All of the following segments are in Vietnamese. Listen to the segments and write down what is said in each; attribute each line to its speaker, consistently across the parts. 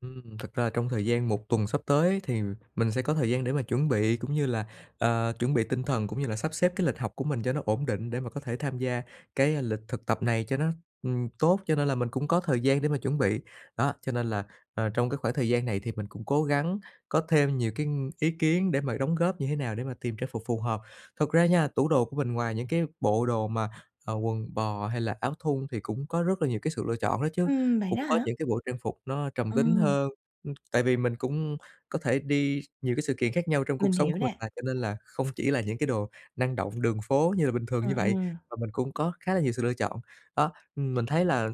Speaker 1: Ừm, thực ra trong thời gian 1 tuần sắp tới thì mình sẽ có thời gian để mà chuẩn bị cũng như là, à, chuẩn bị tinh thần, cũng như là sắp xếp cái lịch học của mình cho nó ổn định, để mà có thể tham gia cái lịch thực tập này cho nó ừm, tốt, cho nên là mình cũng có thời gian để mà chuẩn bị. Đó, cho nên là, à, trong cái khoảng thời gian này thì mình cũng cố gắng có thêm nhiều cái, ưm, ý kiến để mà đóng góp như thế nào để mà tìm trang phục phù hợp. Thật ra nha, tủ đồ của mình ngoài những cái bộ đồ mà, à, quần bò hay là áo thun thì cũng có rất là nhiều cái sự lựa chọn đó chứ.
Speaker 2: Ừm, vậy
Speaker 1: Cũng
Speaker 2: đó
Speaker 1: có
Speaker 2: hả?
Speaker 1: những cái bộ trang phục nó trầm tính
Speaker 2: Ừm.
Speaker 1: hơn, ừm, tại vì mình cũng có thể đi nhiều cái sự kiện khác nhau trong
Speaker 2: Mình
Speaker 1: cuộc sống
Speaker 2: hiểu
Speaker 1: của mình
Speaker 2: nè.
Speaker 1: mà, cho nên là không chỉ là những cái đồ năng động đường phố như là bình thường
Speaker 2: Ừm,
Speaker 1: như vậy
Speaker 2: ừm.
Speaker 1: mà mình cũng có khá là nhiều sự lựa chọn. Đó, ừm, mình thấy là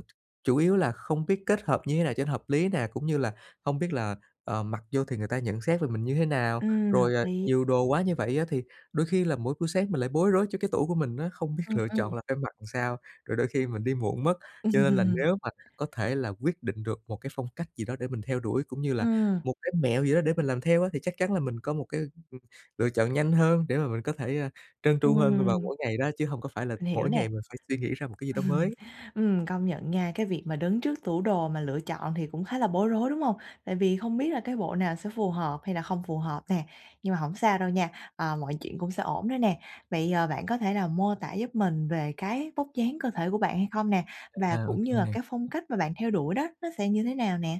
Speaker 1: chủ yếu là không biết kết hợp như thế nào cho nó hợp lý nè, cũng như là hông biết là, ờ, mặc vô thì người ta nhận xét về mình như thế nào.
Speaker 2: Ừm, hợp
Speaker 1: Rồi, à,
Speaker 2: lý.
Speaker 1: nhiều đồ quá như vậy á, thì đôi khi là mỗi buổi sáng mình lại bối rối cho cái tủ của mình á, không biết
Speaker 2: Ừm,
Speaker 1: lựa
Speaker 2: ừm.
Speaker 1: chọn là phải mặc làm sao, rồi đôi khi mình đi muộn mất. Cho nên là
Speaker 2: Ừm.
Speaker 1: nếu mà có thể là quyết định được một cái phong cách gì đó để mình theo đuổi cũng như là
Speaker 2: Ừm.
Speaker 1: một cái mẹo gì đó để mình làm theo á, thì chắc chắn là mình có một cái, ừ, lựa chọn nhanh hơn, để mà mình có thể, à, trơn tru hơn vào
Speaker 2: Ừm.
Speaker 1: mỗi ngày đó, chứ hổng có phải là
Speaker 2: Mình hiểu
Speaker 1: mỗi
Speaker 2: nè.
Speaker 1: ngày mình phải suy nghĩ ra một cái gì đó mới.
Speaker 2: Ừm, công nhận nha, cái việc mà đứng trước tủ đồ mà lựa chọn thì cũng khá là bối rối, đúng hông? Tại vì không biết là cái bộ nào sẽ phù hợp hay là không phù hợp nè. Nhưng mà hổng sao đâu nha, à, mọi chuyện cũng sẽ ổn thôi nè. Vậy, ờ, bạn có thể là mô tả giúp mình về cái vóc dáng cơ thể của bạn hay không nè? Và
Speaker 1: À, ô
Speaker 2: cũng
Speaker 1: kê
Speaker 2: như là
Speaker 1: nè.
Speaker 2: cái phong cách mà bạn theo đuổi đó, nó sẽ như thế nào nè?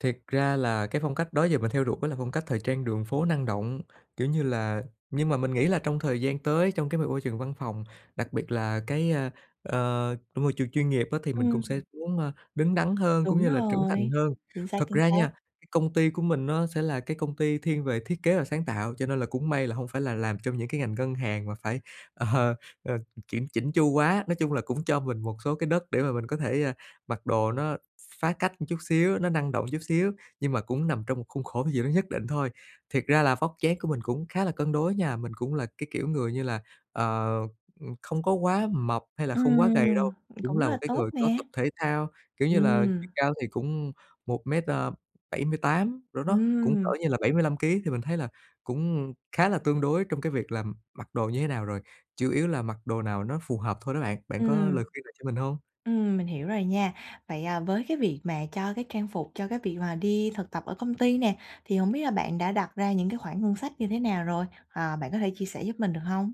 Speaker 1: Thiệt ra là cái phong cách đó giờ mình theo đuổi là phong cách thời trang đường phố năng động. Kiểu như là nhưng mà mình nghĩ là trong thời gian tới, trong cái m môi trường văn phòng, đặc biệt là cái, ờ, ờ, môi trường chuyên nghiệp á, thì mình cũng
Speaker 2: Ừm.
Speaker 1: sẽ muốn, à, đứng đắn hơn cũng
Speaker 2: Đúng
Speaker 1: như là trưởng thành
Speaker 2: rồi.
Speaker 1: hơn.
Speaker 2: Chính xác,
Speaker 1: Thật
Speaker 2: chính
Speaker 1: ra nha,
Speaker 2: xác.
Speaker 1: cái công ty của mình nó sẽ là cái công ty thiên về thiết kế và sáng tạo, cho nên là cũng may là hông phải là làm trong những cái ngành ngân hàng mà phải, ờ, ờ, ừ, kiểm chỉn chu quá. Nói chung là cũng cho mình một số cái đất để mà mình có thể, ờ, mặc đồ nó ph phá cách một chút xíu, nó năng động chút xíu nhưng mà cũng nằm trong một khuôn khổ gì đó nhất định thôi. Thiệt ra là vóc dáng của mình cũng khá là cân đối nha, mình cũng là cái kiểu người như là, ờ, ừm, không có quá mập hay là không quá gầy
Speaker 2: Ừm,
Speaker 1: đâu. Cũng
Speaker 2: cũng
Speaker 1: là
Speaker 2: rất
Speaker 1: một
Speaker 2: là
Speaker 1: cái
Speaker 2: tốt
Speaker 1: người có
Speaker 2: nè.
Speaker 1: tập thể thao, kiểu như là,
Speaker 2: Ừm.
Speaker 1: chiều cao thì cũng 1 mét, ờ, 78 cỡ đó, cũng cỡ
Speaker 2: Ừm.
Speaker 1: như là 75 ký, thì mình thấy là cũng khá là tương đối trong cái việc là, ừm, mặc đồ như thế nào rồi, chủ yếu là mặc đồ nào nó phù hợp thôi đó bạn. Bạn có
Speaker 2: Ừm.
Speaker 1: lời khuyên nào cho mình hông?
Speaker 2: Ừm, mình hiểu rồi nha. Vậy, à, với cái việc mà cho cái trang phục cho cái việc mà đi thực tập ở công ty nè, thì hổng biết là bạn đã đặt ra những cái khoản ngân sách như thế nào rồi? Ờ, bạn có thể chia sẻ giúp mình được hông?